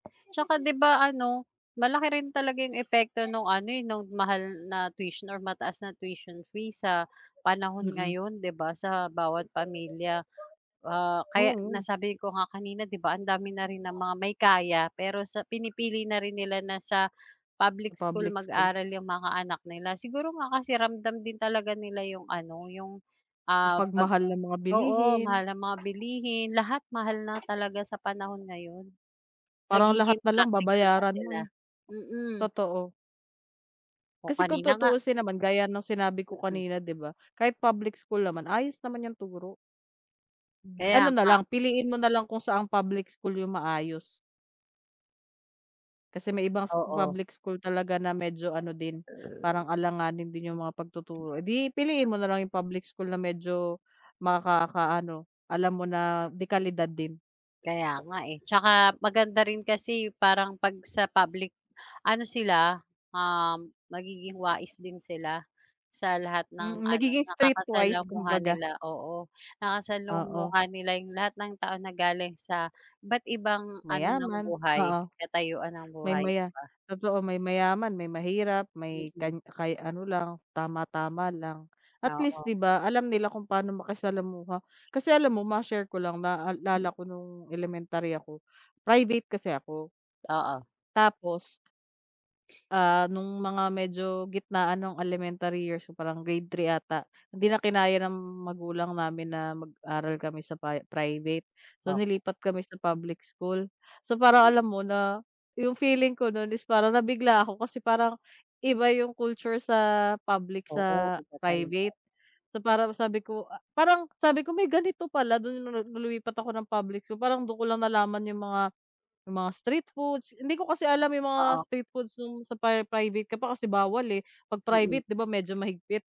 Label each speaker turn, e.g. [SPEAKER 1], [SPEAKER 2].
[SPEAKER 1] Tsaka, 'di ba ano, malaki rin talaga yung epekto no'ng ano, eh, no'ng mahal na tuition or mataas na tuition fee, sa panahon
[SPEAKER 2] Mm.
[SPEAKER 1] ngayon, 'di ba' sa bawat pamilya, ah, kaya
[SPEAKER 2] Oo.
[SPEAKER 1] nasabi ko nga kanina, 'di ba, ang dami na rin ng mga may kaya pero sa pinipili na rin nila na sa, public
[SPEAKER 2] Sa
[SPEAKER 1] school
[SPEAKER 2] public school.
[SPEAKER 1] mag-aral yung mga anak nila, siguro nga kasi, ramdam din talaga nila yung ano, yung ah, pag
[SPEAKER 2] Pagmahal ng mga
[SPEAKER 1] oo,
[SPEAKER 2] bilihin.
[SPEAKER 1] mahal ng mga bilihin, lahat mahal na talaga, sa panahon ngayon.
[SPEAKER 2] Parang lahat
[SPEAKER 1] Nagiging
[SPEAKER 2] na lang
[SPEAKER 1] practical na
[SPEAKER 2] babayaran mo,
[SPEAKER 1] sila,
[SPEAKER 2] eh,
[SPEAKER 1] mm.
[SPEAKER 2] totoo.
[SPEAKER 1] O
[SPEAKER 2] Kasi kung
[SPEAKER 1] kanina nga
[SPEAKER 2] tutuusin naman, gaya ng sinabi ko
[SPEAKER 1] Mm.
[SPEAKER 2] kanina, 'di ba, kahit public school naman, ayos naman yung turo. Hmm,
[SPEAKER 1] Kaya
[SPEAKER 2] ano na
[SPEAKER 1] nga.
[SPEAKER 2] lang, piliin mo na lang kung saan public school yung maayos. Kasi may ibang scho
[SPEAKER 1] Oo.
[SPEAKER 2] public school talaga na, medyo ano din, parang alanganin din yung mga pagtuturo, eh, 'di piliin mo na lang yung public school na medyo makakaano, alam mo na, de-kalidad din.
[SPEAKER 1] Kaya nga eh, tsaka maganda rin kasi, parang 'pag sa public, ano sila, um, magiging wais din sila sa lahat ng
[SPEAKER 2] Mm,
[SPEAKER 1] ano,
[SPEAKER 2] nagiging street wise,
[SPEAKER 1] nakakasalamuha
[SPEAKER 2] kumbaga.
[SPEAKER 1] nila, oo,
[SPEAKER 2] Oo.
[SPEAKER 1] nakasalamuha nila 'yong lahat ng tao, na galing sa iba't ibang ano ng
[SPEAKER 2] Mayaman,
[SPEAKER 1] buhay,
[SPEAKER 2] oo,
[SPEAKER 1] katayuan ng
[SPEAKER 2] may
[SPEAKER 1] buhay, 'di
[SPEAKER 2] maya
[SPEAKER 1] ba?
[SPEAKER 2] totoo may mayaman, may mahirap, may
[SPEAKER 1] Mm.
[SPEAKER 2] kan kay ano lang, tama-tama lang, at least,
[SPEAKER 1] Oo.
[SPEAKER 2] 'di ba, alam nila kung pa'no makisalamuha kasi, alam mo, ma-share ko lang,
[SPEAKER 1] Mm.
[SPEAKER 2] naalala ko no'ng elementary ako, private kasi ako.
[SPEAKER 1] Oo.
[SPEAKER 2] Tapos, ah, no'ng mga medyo gitnaan ng elementary years, so, parang grade 3 'ata, hindi na kinaya ng magulang namin na mag-aral kami sa pri-private, so,
[SPEAKER 1] Okey.
[SPEAKER 2] nilipat kami sa public school. So parang,
[SPEAKER 1] Mm.
[SPEAKER 2] alam mo, na, 'yong feeling ko no'n, is parang nabigla ako kasi parang, iba 'yong culture sa public,
[SPEAKER 1] Oo,
[SPEAKER 2] sa
[SPEAKER 1] iba talaga, 'no.
[SPEAKER 2] private. So, parang sabi ko a parang sabi ko, "May ganito pala", do'n 'no 'no, no'ng lumipat ako ng public, so, parang do'n ko lang nalaman yung mga, yung mga street foods, hindi ko kasi alam yung mga
[SPEAKER 1] Oo.
[SPEAKER 2] street foods no'ng sa pri private ka pa, kasi bawal, eh, 'pag
[SPEAKER 1] Mm.
[SPEAKER 2] private, 'di ba, medyo mahigpit.